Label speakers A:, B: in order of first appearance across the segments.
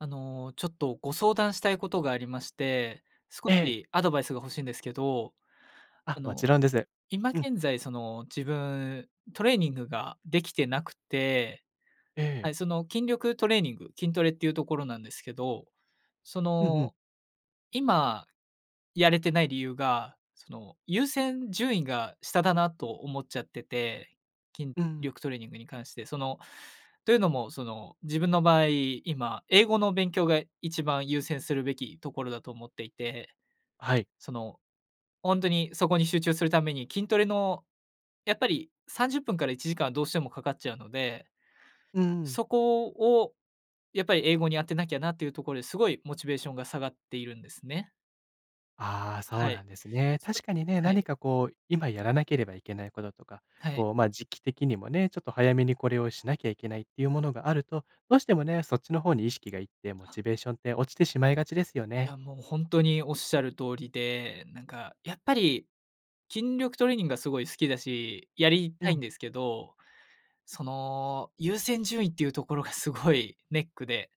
A: あの、ちょっとご相談したいことがありまして、少
B: ええ。
A: しアドバイスが欲しいんですけど、
B: あ、
A: あ
B: もち
A: の、
B: ろんです。
A: 今
B: うん。
A: 現在その自分トレーニングができてなくて
B: え
A: は
B: え。
A: い、その筋力トレーニング、筋トレっていうところなんですけど、そ
B: うんうん。
A: の、今やれてない理由が、その、優先順位が下だなと思っちゃってて、筋
B: うん。
A: 力トレーニングに関して、その、というのも、その、自分の場合、今英語の勉強が一番優先するべきところだと思っていて、
B: はい。
A: その、ほんとにそこに集中するために筋トレのやっぱり30分から1時間はどうしてもかかっちゃうので、
B: うーん。
A: そこをやっぱり英語に当てなきゃなっていうところで、すごいモチベーションが下がっているんですね。
B: ああ、そ
A: は
B: うな
A: い。
B: んですね。
A: そ
B: 確かにね、
A: は
B: 何
A: い。
B: かこう今やらなければいけないこととか、
A: はい。
B: こう、ま、時期的にもね、ちょっと早めにこれをしなきゃいけないっていうものがあると、どうしてもね、そっちの方に意識が行ってモ
A: あ。
B: チベーションって落ちてしまいがちですよね。
A: や、もうほんとにおっしゃる通りで、なんかやっぱり、筋力トレーニングがすごい好きだし、やり
B: う
A: たいん
B: ん。
A: ですけど、その優先順位っていうところがすごいネックで、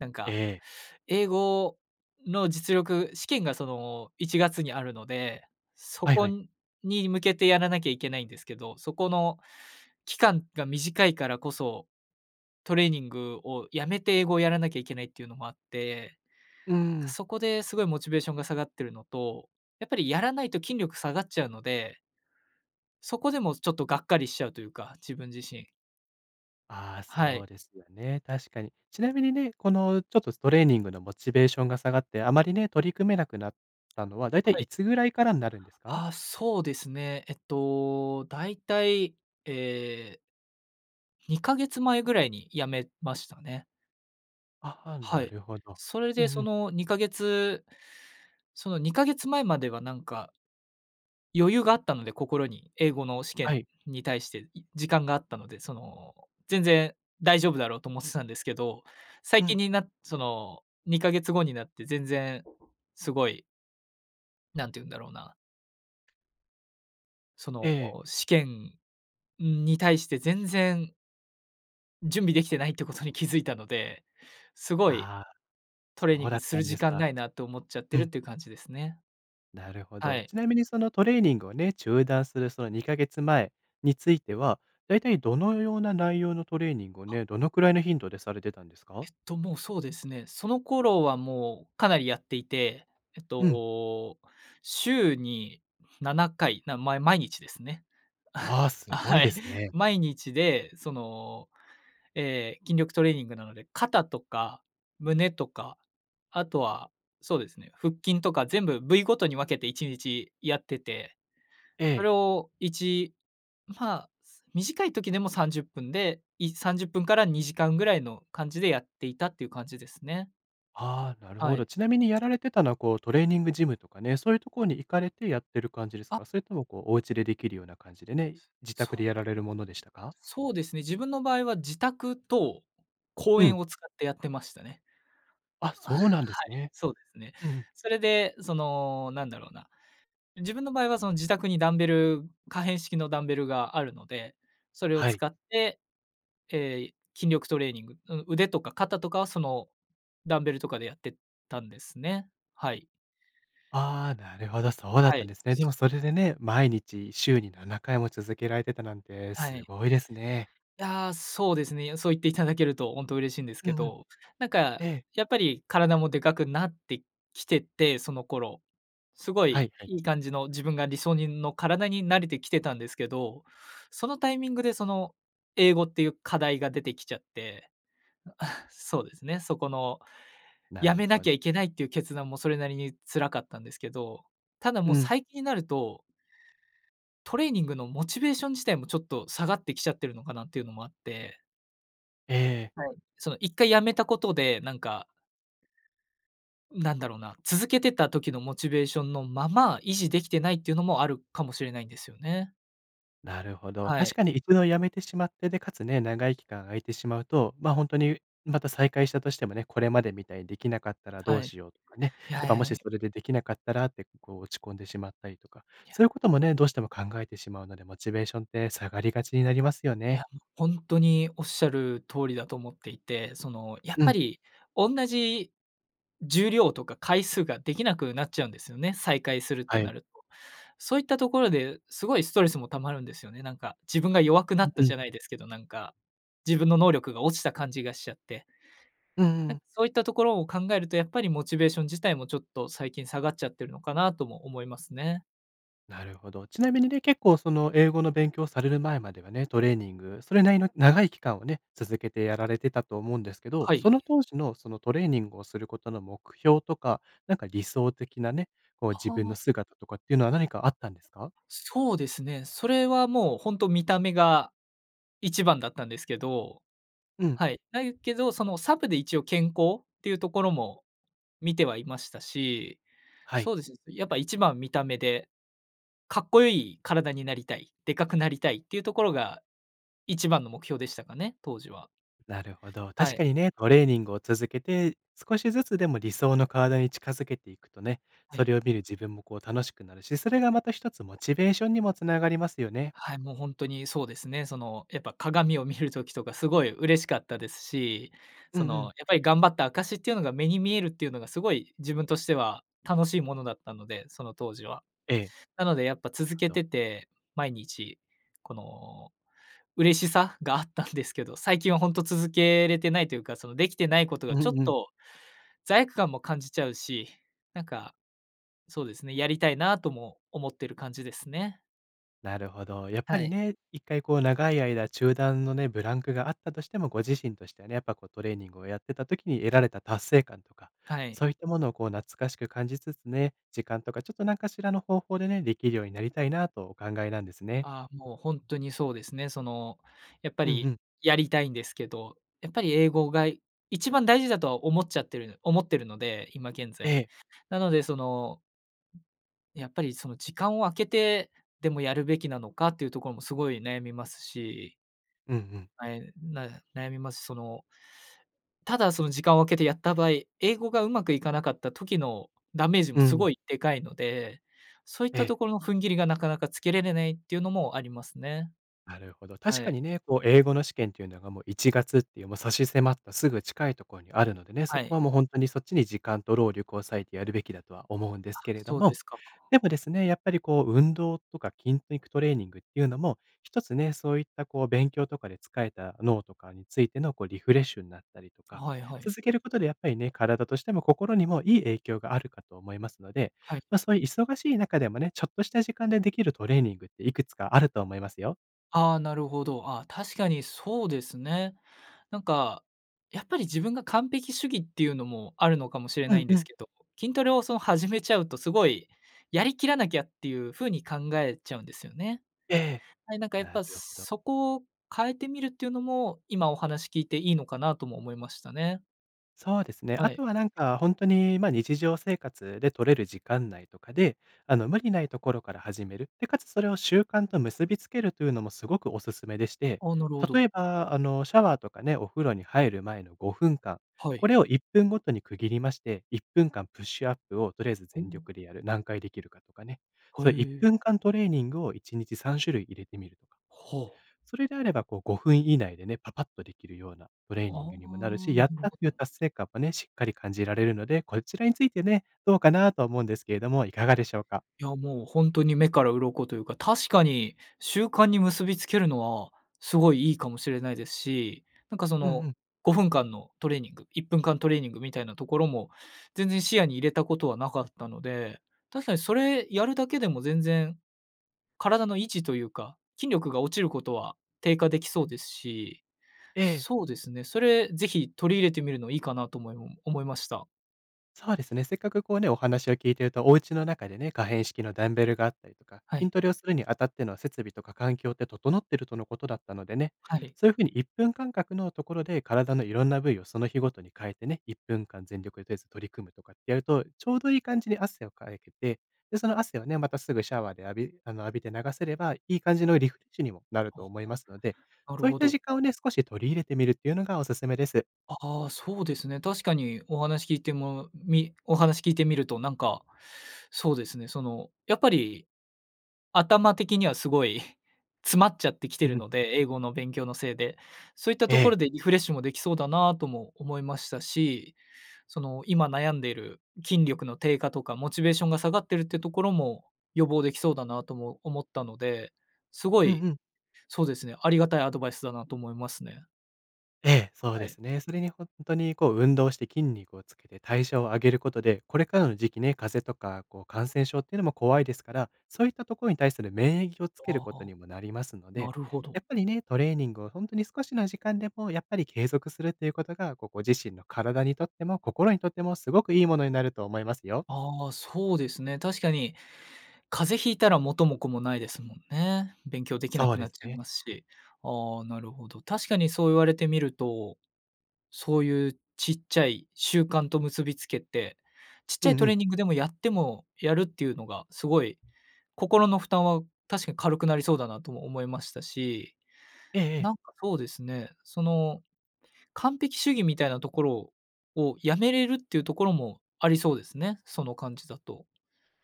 A: なんか、
B: ええ。
A: 英語の実力、試験がその1月にあるので、そ
B: はい
A: こ
B: はい。
A: に向けてやらなきゃいけないんですけど、そこの期間が短いからこそ、トレーニングをやめて英語をやらなきゃいけないっていうのもあって、
B: うー
A: なんか
B: ん。
A: そこですごいモチベーションが下がってるのと、やっぱりやらないと筋力下がっちゃうのでそこでもちょっとがっかりしちゃうというか、自分自身。
B: ああ、
A: はい。
B: そうですよね、確かに。ちなみにね、この、ちょっと、トレーニングのモチベーションが下がって、あまりね、取り組めなくなったのはだいたい
A: はい。
B: いつぐらいからになるんですか？
A: あ、そうですね、えっと、大体、ええ。2ヶ月前ぐらいに辞めましたね。
B: あ、は、
A: は
B: な
A: い、
B: るほど。
A: それ
B: うん
A: で、
B: う
A: そ
B: ん。
A: の、2ヶ月、その、2ヶ月前まではなんか余裕があったので心に、英語の試験
B: はい。
A: に対して時間があったので、その、全然大丈夫だろうと思ってたんですけど、最
B: う
A: 近
B: ん。
A: になって、その、2ヶ月後になって全然すごいなんて言うんだろうな。そ
B: え
A: の、
B: え。
A: 試験に対して全然準備できてないってことに気づいたので、すごい、
B: ああ、
A: トレーニ
B: そ
A: ン
B: うだ
A: グ
B: っ
A: す
B: た
A: る
B: んで
A: 時
B: す
A: 間
B: か、
A: ないなと思っちゃって
B: う
A: るっ
B: ん。
A: ていう感じですね。
B: なるほ
A: は
B: ど。
A: い。
B: ちなみに、その、トレーニングをね、中断する、その、2ヶ月前については、だいたいどのような内容のトレーニングをね、どのくらいの頻度でされてたんですか？
A: えっと、もう、そうですね、その頃は、もう、かなりやっていて、えっ
B: うん。
A: と、週に7回、なまい毎日ですね。
B: ああ、す
A: あ、
B: ごい
A: はい。
B: ですね。
A: 毎日で、その、ええ、筋力トレーニングなので肩とか胸とか、あとは、そうですね、腹筋とか全部部位ごとに分けて1日やってて、
B: え
A: そ
B: え。
A: れをいちまあ、短い時でも30分で、い30分から2時間ぐらいの感じでやっていたっていう感じですね。
B: ああ、なる
A: は
B: ほ
A: い。
B: ど。ちなみにやられてたのはこうトレーニングジムとかね、そういうところに行かれてやってる感じです
A: あ
B: か？それともこうお家でできるような感じでね、
A: そ
B: 自
A: そ
B: 宅で
A: う。
B: やられるものでしたか？
A: そうですね、自分の場合は自宅と公
B: う
A: 園
B: ん。
A: を使ってやってましたね。
B: あ、
A: あ、
B: そ
A: はい、
B: うなんですね。
A: そうですね。
B: うん。
A: それでそのなんだろうな、自分の場合はその自宅にダンベル、可変式のダンベルがあるので、それを
B: はい。
A: 使って、え、筋力トレーニング、う腕とか肩とかはそのダンベルとかでやってたんですね、はい。
B: ああ、なるほど、そうだっ
A: は
B: たん
A: い、
B: ですね。で
A: そう。
B: もそれでね、毎日週に7回も続けられてたなんて
A: は
B: す
A: い。
B: ごいですね。
A: ああ、そうですね。そう言っていただけるとほんと嬉しいんです
B: う
A: け
B: んうん。
A: ど。なんか、
B: ええ。
A: やっぱり体もでかくなってきててその頃、すご
B: は
A: い
B: いはい。
A: いい感じの自分が理想にの、体になれてきてたんですけど、そのタイミングで、その英語っていう課題が出てきちゃって、そうですね、そこの
B: な
A: 止
B: る
A: めな
B: ほ
A: きゃいけないっていう決断もそれなりに辛かったんですけど、ただも
B: う
A: う
B: ん。
A: 最近になるとトレーニングのモチベーション自体もちょっと下がってきちゃってるのかなっていうのもあって
B: ええ。
A: はい。その、1回止めたことで、なんか、なんだろうな、続けてた時のモチベーションのまま、維持できてないっていうのもあるかもしれないんですよね。
B: なるほど。
A: は
B: 確
A: い。
B: かにいくのやめてしまって、で、かつね、長い期間空いてしまうと、ま、ほんとにまた再開したとしてもね、これまでみたいにできなかったらど
A: は
B: う
A: い。
B: しようとかね、
A: い
B: やっぱ、
A: や
B: も
A: いや、
B: し
A: い
B: それでできなかったらって、こう、落ち込んでしまったりとか、
A: い
B: そう
A: や。
B: いうこともね、どうしても考えてしまうのでモチベーションって下がりがちになりますよ
A: い
B: ね。
A: や、ほんとにおっしゃる通りだと思っていて、その、やっ
B: う
A: ぱ
B: ん。
A: り、おんなじ重量とか回数ができなくなっちゃうんですよね、再開するっ
B: は
A: てな
B: い。
A: ると。そういったところですごいストレスも溜まるんですよね。なんか、自分が弱くなった
B: うんう
A: じ
B: ん。
A: ゃないですけど、なんか、自分の能力が落ちた感じがしちゃって。
B: うん
A: なん
B: うん。
A: か、そういったところを考えると、やっぱり、モチベーション自体も、ちょっと、最近下がっちゃってるのかなとも思いますね。
B: なるほど。ちなみにね、結構、その、英語の勉強される前まではね、トレーニングそれなりの長い期間をね、続けてやられてたと思うんですけど、
A: はい。
B: その当時の、その、トレーニングをすることの目標とか、なんか、理想的なね、こう、自
A: は
B: 分
A: あ。
B: の姿とかっていうのは何かあったんですか？
A: そうですね、それはもうほんと見た目が一番だったんですけど
B: うん。
A: はい、だいけど、その、サブで一応健康っていうところも見てはいましたし、
B: はい。
A: そうです、やっぱ、一番見た目で、かっこよい体になりたい、でかくなりたいっていうところが一番の目標でしたかね、当時は。
B: なるほど。
A: は
B: 確
A: い。
B: かにね、トレーニングを続けて、少しずつでも理想の体に近づけていくとね、
A: は
B: そ
A: い。
B: れを見る自分も、こう、楽しくなるしそれがまた一つモチベーションにもつながりますよね。
A: はい、もう、ほんとにそうですね。その、やっぱ、鏡を見る時とかすごい嬉しかったですし、
B: うん
A: そ
B: う
A: の、やっ
B: ん。
A: ぱり頑張った証っていうのが目に見えるっていうのが、すごい自分としては楽しいものだったので、その当時は。
B: ええ。
A: なので、やっぱ、
B: なる
A: 続け
B: ほど。
A: てて毎日この嬉しさがあったんですけど、最近はほんと続けれてないというか、その、できてないこと
B: う
A: が、ちょっ
B: んうん。
A: と、罪悪感も感じちゃうし、なんか、そうですね、やりたいなとも思ってる感じですね。
B: なるほど。やっぱ
A: は
B: り
A: い。
B: ね、1回こう長い間中断のね、ブランクがあったとしても、ご自身としてはね、やっぱこうトレーニングをやってた時に得られた達成感とか、
A: はい。
B: そういったものをこう懐かしく感じつつね、時間とかちょっとなんかしらの方法でね、できるようになりたいなとお考えなんですね。
A: あ、もうほんとにそうですね。その、やっぱ
B: うんう
A: り
B: ん。
A: やりたいんですけど、やっぱり英語が一番大事だとは思っちゃってる思ってるので、今現
B: え
A: 在。
B: え。
A: なのでそのやっぱりその時間を空けて、でもやるべきなのかっていうところもすごい悩みますし
B: うんうん。
A: はい、な悩みます。そのただその時間を空けてやった場合、英語がうまくいかなかった時のダメージも
B: う
A: す
B: ん。
A: ごいでかいので、そういっ
B: え
A: た
B: え。
A: ところの踏ん切りがなかなかつけられないっていうのもありますね。
B: なるほど。確
A: は
B: か
A: い。
B: にね、こう英語の試験っていうのがもう1月っていうもう差し迫ったすぐ近いとこにあるのでね、そ
A: は
B: こ
A: い。
B: はもうほんとにそっちに時間と労力を割いてやるべきだとは思うんで
A: あ、
B: すけれど
A: そうで
B: も、
A: すか。
B: やっぱですね、やっぱりこう運動とか筋肉トレーニングっていうのも、1つね、そういったこう勉強とかでつかえた脳とかについてのこうリフレッシュんなったりとか、
A: はいはい。
B: 続けることでやっぱりね、体としても心にもいい影響があるかと思いますので、
A: はい。
B: ま、そい忙しい中でもね、ちょっとした時間でできるトレーニングっていくつかあると思いますよ。
A: ああ、なるほど。ああ、確かにそうですね。なんか、やっぱり自分が完璧主義っていうのもあるのかもしれ
B: う
A: ない
B: ん
A: んで
B: う
A: す
B: ん。
A: けど、筋トレをその、始めちゃうとすごいやりきらなきゃっていうふうに考えちゃうんですよね。
B: ええ、
A: はい。なんかやっ
B: な
A: ぱ
B: るほど。
A: そこを変えてみるっていうのも、今、お話聞いていいのかなとも思いましたね。
B: そうですね。あ
A: はい。
B: とはなんかほんとに、ま、日常生活で取れる時間内とかで、あの、無理ないところから始める。で、且つそれを習慣と結びつけるというのもすごくお勧めでして、
A: ああ、なるほど。
B: 例えばあの、シャワーとかね、お風呂に入る前の5分間、
A: は
B: こ
A: い。
B: れを1分ごとに区切りまして、1分間プッシュアップをとりあえず
A: ほ
B: 全
A: お。
B: 力でやる、何回できるかとかね。
A: ほ、え
B: そ、いっ
A: え。
B: ぷんかんトレーニングを1日3種類入れてみるとか。
A: ほう。
B: それであればこう、5分以内でね、パパッとできるようなトレー
A: あ
B: ニングにもなるし、
A: あ、
B: やっ
A: なる
B: たってい
A: ほ
B: う
A: ど。
B: 達成感もね、しっかり感じられるので、こちらについてね、どうかなと思うんですけれども、いかがでしょうか？
A: や、もうほんとに目から鱗というか、確かに習慣に結びつけるのはすごいいいかもしれないですし、なんかそ
B: うんう
A: の、
B: ん。
A: 5分間のトレーニング、1分間トレーニングみたいなところも、全然視野に入れたことはなかったので、確かにそれやるだけでも全然、体の位置というか、筋力が落ちることは低下できそうですし、
B: ええ。
A: そうですね、それぜひ取り入れてみるのいいかなと思いもん思いました。
B: そうですね。せっかくこうね、お話を聞いていると、お家の中でね、可変式のダンベルがあったりとか、
A: は
B: 筋
A: い。
B: トレをするにあたっての設備とか環境って整っているとのことだったのでね、
A: はい。
B: そういうふうに1分間隔のところで体のいろんな部位をその日ごとに変えてね、1分間全力、とりあえず取り組むとかってやると、ちょうどいい感じに汗をかいけて、で、その汗をね、またすぐシャワーで浴びあの浴びて流せれば、いい感じのリフレッシュにもなる
A: ほ
B: と
A: ほ、
B: 思いますので、
A: なる
B: そういっ
A: ほ
B: た
A: ど。
B: 時間をね、少し取り入れてみるっていうのがお勧めです。
A: ああ、そうですね。確かにお話聞いても、みお話聞いてみるとなんか、そうですね。その、やっぱり頭的にはすごい詰まっちゃってきて
B: うんう
A: る
B: ん。
A: ので、英語の勉強のせいで。そういったと
B: え
A: こ
B: え。
A: ろでリフレッシュもできそうだなとも思いましたし、その、今悩んでいる、筋力の低下とかモチベーションが下がってるってところも、予防できそうだなとも思ったので、すご
B: うん
A: い、
B: うん。
A: そうですね、ありがたいアドバイスだなと思いますね。
B: ええ、そう
A: は
B: で
A: い。
B: すね。それにほんとにこう、運動して筋肉をつけて代謝を上げることで、これからの時期ね、風邪とかこう感染症っていうのも怖いですから、そういったところに対する免疫をつけ
A: あ
B: ること
A: あ、
B: にもなりますの
A: な
B: で、
A: るほど。
B: やっぱりね、トレーニングをほんとに少しの時間でもやっぱり継続するということが、こう、ご自身の体にとっても心にとってもすごくいいものになると思いますよ。
A: あ、そうですね。確かに風邪引いたら元も子もないですもんね。勉強できな
B: そう
A: く
B: で
A: なっ
B: す
A: ちゃい
B: ね。
A: ますし。あ、なるほど。確かにそう言われてみると、そういうちっちゃい習慣と結びつけて、ちっちゃ
B: う
A: い
B: ん
A: ト
B: う
A: レー
B: ん。
A: ニングでもやっても、やるっていうのがすごい、心の負担は確かに軽くなりそうだなとも思いましたし、
B: ええ
A: な
B: ええ。
A: んかそうですね。その完璧主義みたいなところをやめれるっていうところもありそうですね、その感じだと。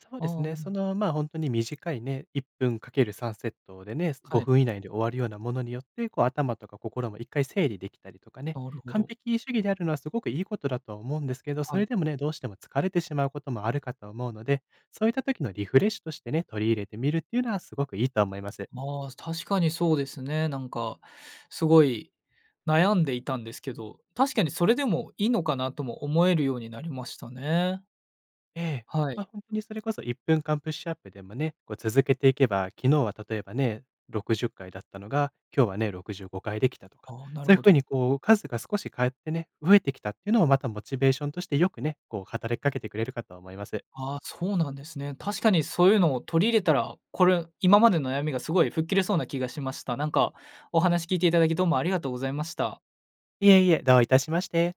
B: そう
A: あ、
B: ですね。
A: な
B: そ
A: ろ
B: の、ま、ほんとに短いね1分かける３セットでね、ご
A: はい。
B: ふん以内で終わるようなものによって、こう頭とか心も1回整理できたりとかね、
A: なるほ
B: 完
A: ど。
B: 璧主義であるのはすごくいいことだとは思うんですけど、そ
A: はい。
B: れでもね、どうしても疲れてしまうこともあるかと思うので、そういった時のリフレッシュとしてね、取り入れてみるっていうのはすごくいいとは思います。
A: まあ、確かにそうですね。なんか、すごい悩んでいたんですけど、確かにそれでもいいのかなとも思えるようになりましたね。
B: ええ、
A: は
B: ま、
A: い。
B: ほんとにそれこそ、1分間プッシュアップでもね、こう続けていけば、昨日は例えばね、60回だったのが、今日はね65回できたとか、
A: ああ、なる
B: そういう
A: ほ
B: ふう
A: ど。
B: にこう数が少し変わってね、増えてきたっていうのをまたモチベーションとしてよくね、こう働きかけてくれるかとは思います。
A: あ、そうなんですね。確かにそういうのを取り入れたら、これ今までの悩みがすごい吹っ切れそうな気がしました。なんか、お話聞いて頂きどうもありがとうございました。
B: いえいえ、どういたしまして。